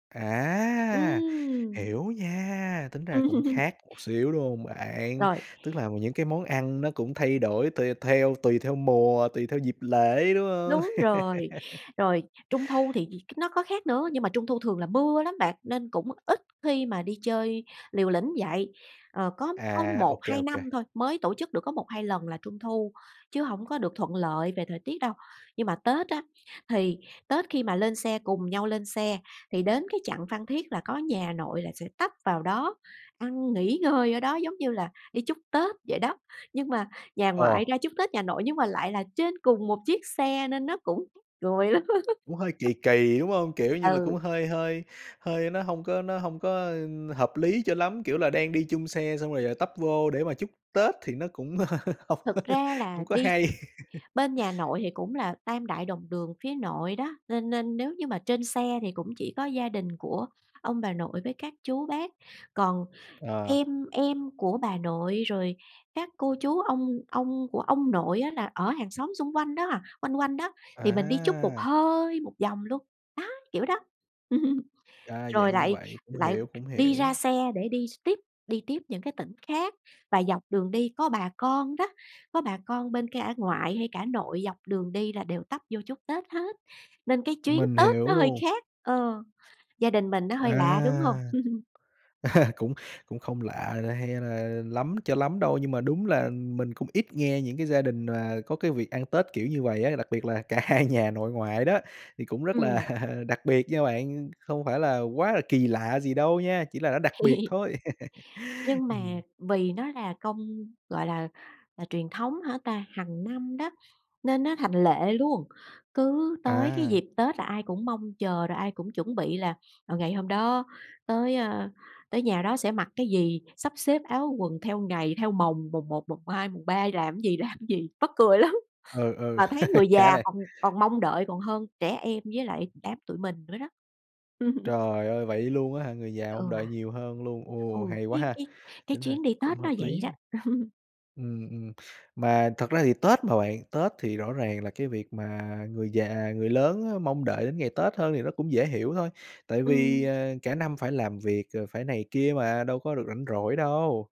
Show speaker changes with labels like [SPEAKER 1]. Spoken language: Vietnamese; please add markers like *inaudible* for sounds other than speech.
[SPEAKER 1] À!
[SPEAKER 2] Ừm.
[SPEAKER 1] Hiểu nha, tính ra cũng
[SPEAKER 2] Ừm.
[SPEAKER 1] khác một xíu, đúng hông bạn?
[SPEAKER 2] Rồi.
[SPEAKER 1] Tức là những cái món ăn nó cũng thay đổi tùy theo tùy theo mùa, tùy theo dịp lễ, đúng hông?
[SPEAKER 2] Đúng rồi.
[SPEAKER 1] *laughs*
[SPEAKER 2] Rồi, Trung thu thì gì nó có khác nữa, nhưng mà Trung thu thường là mưa lắm bạn, nên cũng ít khi mà đi chơi liều lĩnh vậy. Ờ, có có
[SPEAKER 1] À, ô
[SPEAKER 2] một
[SPEAKER 1] kê,
[SPEAKER 2] hai
[SPEAKER 1] ô kê.
[SPEAKER 2] năm thôi, mới tổ chức được có 1, 2 lần là Trung thu, chứ hổng có được thuận lợi về thời tiết đâu. Nhưng mà Tết á thì Tết khi mà lên xe cùng nhau lên xe thì đến cái chặng Phan Thiết là có nhà nội là sẽ tấp vào đó, ăn nghỉ ngơi ở đó giống như là đi chúc Tết vậy đó, nhưng mà nhà
[SPEAKER 1] Ờ.
[SPEAKER 2] ngoại ra chúc Tết nhà nội nhưng mà lại là trên cùng một chiếc xe nên nó cũng cười lắm.
[SPEAKER 1] Cũng hơi
[SPEAKER 2] *laughs*
[SPEAKER 1] kỳ kỳ, đúng hông? Kiểu như là, cũng
[SPEAKER 2] Ừ.
[SPEAKER 1] hơi hơi hơi nó hông có nó hông có, ơ, hợp lý cho lắm. Kiểu là, đang đi chung xe xong rồi, ờ, tấp vô để mà chúc Tết thì nó cũng *laughs* hông
[SPEAKER 2] Thực ra là
[SPEAKER 1] hông có
[SPEAKER 2] đi
[SPEAKER 1] hay. *laughs*
[SPEAKER 2] bên nhà nội thì cũng là tam đại đồng đường phía nội đó, nên nên nếu như mà trên xe thì cũng chỉ có gia đình của ông bà nội với các chú bác. Còn
[SPEAKER 1] Ờ.
[SPEAKER 2] em em của bà nội, rồi các cô chú ông ông của ông nội á là ở hàng xóm xung quanh đó à, quanh quanh đó, thì mình đi chút một
[SPEAKER 1] À.
[SPEAKER 2] hơi một vòng luôn, đó, kiểu đó. *laughs*
[SPEAKER 1] A, dạng
[SPEAKER 2] Rồi
[SPEAKER 1] như
[SPEAKER 2] lại
[SPEAKER 1] vậy, cũng
[SPEAKER 2] lại
[SPEAKER 1] hiểu, cũng
[SPEAKER 2] đi ra
[SPEAKER 1] hiểu.
[SPEAKER 2] xe để đi s tiếp, đi tiếp những cái tỉnh khác. Và dọc đường đi có bà con đó, có bà con bên cả ngoại hay cả nội dọc đường đi là đều tấp vô chúc Tết hết, nên cái chuyến
[SPEAKER 1] Mình
[SPEAKER 2] Tết
[SPEAKER 1] hiểu
[SPEAKER 2] nó hơi
[SPEAKER 1] luôn.
[SPEAKER 2] khác, ờ. Gia đình mình nó hơi lạ, đúng hông?
[SPEAKER 1] À.
[SPEAKER 2] *laughs*
[SPEAKER 1] À, cũng cũng không lạ là hay là lắm cho lắm đâu, nhưng mà đúng là mình cũng ít nghe những cái gia đình mà có cái việc ăn Tết kiểu như vầy á, đặc biệt là cả hai nhà nội ngoại đó, thì cũng rất
[SPEAKER 2] Ừm.
[SPEAKER 1] là đặc biệt nha bạn, không phải là quá là kỳ lạ gì đâu nha, chỉ là nó đặc biệt
[SPEAKER 2] *laughs*
[SPEAKER 1] thôi. *laughs*
[SPEAKER 2] Nhưng mà
[SPEAKER 1] Ừm.
[SPEAKER 2] vì nó là công gọi là, là truyền thống hả ta? Hằng năm đó, nên nó thành lệ luôn, cứ tới cái
[SPEAKER 1] À.
[SPEAKER 2] dịp Tết là ai cũng mong chờ, rồi ai cũng chuẩn bị là, ờ, ngày hôm đó tới, a, tới nhà đó sẽ mặc cái gì? Sắp xếp áo quần theo ngày, theo mồng. Mồng 1, mồng 2, mồng 3 làm gì, làm gì, mắc cười lắm.
[SPEAKER 1] Ừ, ừ,
[SPEAKER 2] Mà thấy
[SPEAKER 1] *laughs*
[SPEAKER 2] người
[SPEAKER 1] khá
[SPEAKER 2] già
[SPEAKER 1] đây.
[SPEAKER 2] còn còn mong đợi còn hơn trẻ em với lại đám tụi mình nữa đó. *laughs*
[SPEAKER 1] Trời ơi! Vậy luôn á hả? Người già mong
[SPEAKER 2] Ừ.
[SPEAKER 1] đợi nhiều hơn luôn. Ồ,
[SPEAKER 2] Ồ,
[SPEAKER 1] hay quá
[SPEAKER 2] cái
[SPEAKER 1] ha!
[SPEAKER 2] cái cái
[SPEAKER 1] Tính ra
[SPEAKER 2] chuyến đi Tết
[SPEAKER 1] cũng
[SPEAKER 2] nó
[SPEAKER 1] hợp
[SPEAKER 2] vậy
[SPEAKER 1] lý
[SPEAKER 2] đó.
[SPEAKER 1] á.
[SPEAKER 2] *laughs*
[SPEAKER 1] Ừm, ừm. Mà thật ra thì Tết mà bạn, Tết thì rõ ràng là cái việc mà người già, người lớn á mong đợi đến ngày Tết hơn thì nó cũng dễ hiểu thôi. Tại vì,
[SPEAKER 2] Ừm.
[SPEAKER 1] ờ, cả năm phải làm việc rồi phải này kia mà, đâu có được rảnh rỗi đâu.